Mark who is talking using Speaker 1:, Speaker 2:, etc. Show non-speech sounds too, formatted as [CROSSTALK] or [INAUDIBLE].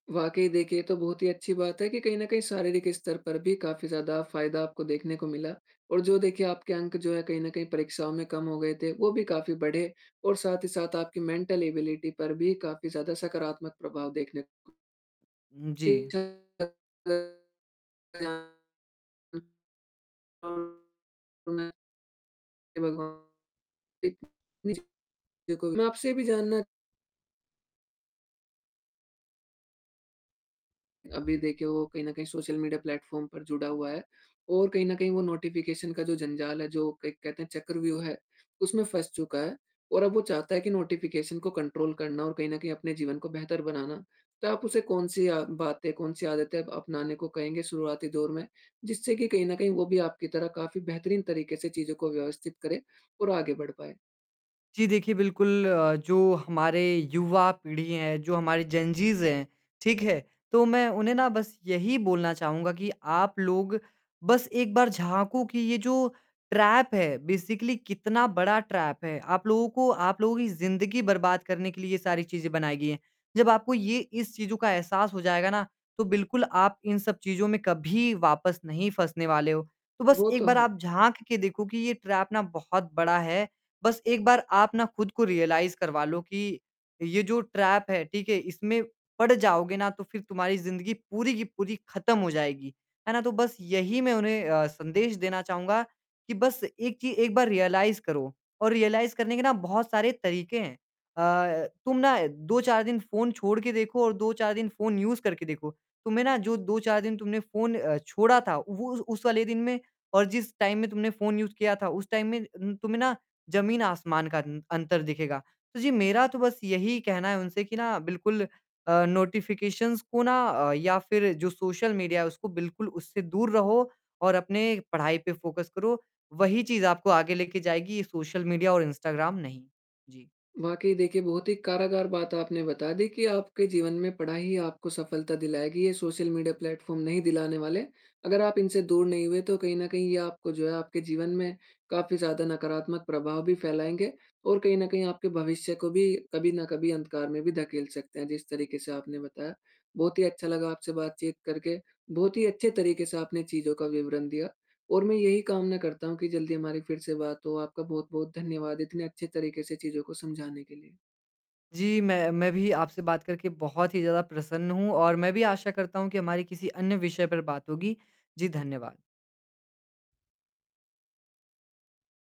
Speaker 1: वाक़ई देखिए तो बहुत ही अच्छी बात है कि कहीं न कहीं शारीरिक स्तर पर भी काफ़ी ज़्यादा फायदा आपको देखने को मिला और जो देखिए आपके अंक जो है कहीं न कहीं परीक्षाओं में कम हो गए थे, वो भी काफ़ी बढ़े और साथ ही साथ आपकी मेंटल एबिलिटी पर भी काफ़ी ज़्यादा सकारात्मक प्रभाव देखने
Speaker 2: हुँ, जी।
Speaker 1: [UNINTELLIGIBLE] तो मैं [UNINTELLIGIBLE] मैं आपसे ये भी जानना अभी देखिए वो कहीं न कहीं सोशल मीडिया प्लेटफॉर्म पर जुड़ा हुआ है और कहीं न कहीं वो नोटिफ़िकेशन का जो जंजाल है जो कहते हैं चक्रव्यूह है उसमें फंस चुका है और अब वो चाहता है कि नोटिफ़िकेशन को कंट्रोल करना और कहीं न कहीं अपने जीवन को बेहतर बनाना। तो आप उसे कौन-सी या बातें कौन-सी आदतें अपनाने को कहेंगे शुरुआती दौर में? जिससे कि कहीं न कहीं वो भी आपकी तरह काफ़ी बेहतरीन तरीके से चीज़ों को व्यवस्थित करे और आगे बढ़ पाए।
Speaker 2: जी, देखिए बिल्कुल अ, जो हमारी युवा पीढ़ी है, जो हमारे जेनजीज हैं, ठीक है? तो मैं उन्हें ना बस यही बोलना चाहूँगा कि आप लोग बस एक बार झाँको कि ये जो ट्रैप है बेसिकली कितना बड़ा ट्रैप है। आप लोगों को आप लोगों की ज़िंदगी बर्बाद करने के लिए ये सारी चीज़ें बनाई गई हैं, जब आपको ये इस चीज़ों का एहसास हो जाएगा ना, तो बिल्कुल आप इन सब चीज़ों में कभी वापस नहीं फँसने वाले हो। तो बस
Speaker 1: वो
Speaker 2: 1
Speaker 1: तो
Speaker 2: बार
Speaker 1: है।
Speaker 2: आप झाँक के देखो कि ये ट्रैप ना बहुत बड़ा है, बस 1 बार आप ना खुद को रियलाइज़ करवा लो कि, ये जो ट्रैप है, ठीक है? इसमें पड़ जाओगे ना, तो फिर तुम्हारी ज़िंदगी पूरी की पूरी खत्म हो जाएगी, है ना? तो बस यही मैं उन्हें अ, संदेश देना चाहूँगा कि बस 1 चीज़, 1 बार रियलाइज़ करो। और रियलाइज़ करने के बहुत सारे तरीके हैं अ, तुम ना 2-4 दिन फ़ोन छोड़ के देखो और 2-4 दिन फ़ोन यूज़ करके देखो, तुम्हें ना जो 2-4 दिन तुमने फ़ोन अ, छोड़ा था, वो उस उस वाले दिन में और जिस टाइम में तुमने फ़ोन यूज़ किया था, उस टाइम में तुम्हें ना, ज़मीन-आसमान का अंतर दिखेगा। तो जी, मेरा तो बस यही कहना है उनसे कि ना बिल्कुल अ, नोटिफिकेशंस को, ना अ, या फिर जो सोशल मीडिया है, उसको बिल्कुल उससे दूर रहो और अपनी पढ़ाई पे फोकस करो, वही चीज़ आपको आगे लेके जाएगी, ये सोशल मीडियाऔर इंस्टाग्राम नहीं। जी।
Speaker 1: वाक़ई देखिए, बहुत ही कारागर बात आपने बता दी कि आपके जीवन में पढ़ाई आपको सफलता दिलाएगी, ये सोशल मीडिया प्लेटफॉर्म नहीं दिलाने वाले। अगर आप इनसे दूर नहीं हुए तो कहीं न कहीं ये आपको, जो है, आपके जीवन में, काफ़ी ज़्यादा नकारात्मक प्रभाव भी फैलाएँगे और कहीं न कहीं आपके भविष्य को भी कभी न कभी अंधकार में भी धकेल सकते हैं, जिस तरीके से आपने बताया। बहुत ही अच्छा लगा आपसे बातचीत करके, बहुत ही अच्छे तरीके से आपने चीज़ों का विवरण दिया और मैं यही कामना करता हूँ कि जल्दी हमारी फिर से बात हो। आपका बहुत-बहुत धन्यवाद, इतने अच्छे तरीके से चीज़ों को समझाने के लिए।
Speaker 2: जी, मैं मैं भी आपसे बात करके बहुत ही ज़्यादा प्रसन्न हूँ और मैं भी आशा करता हूँ कि हमारी किसी अन्य विषय पर बात होगी। जी, धन्यवाद।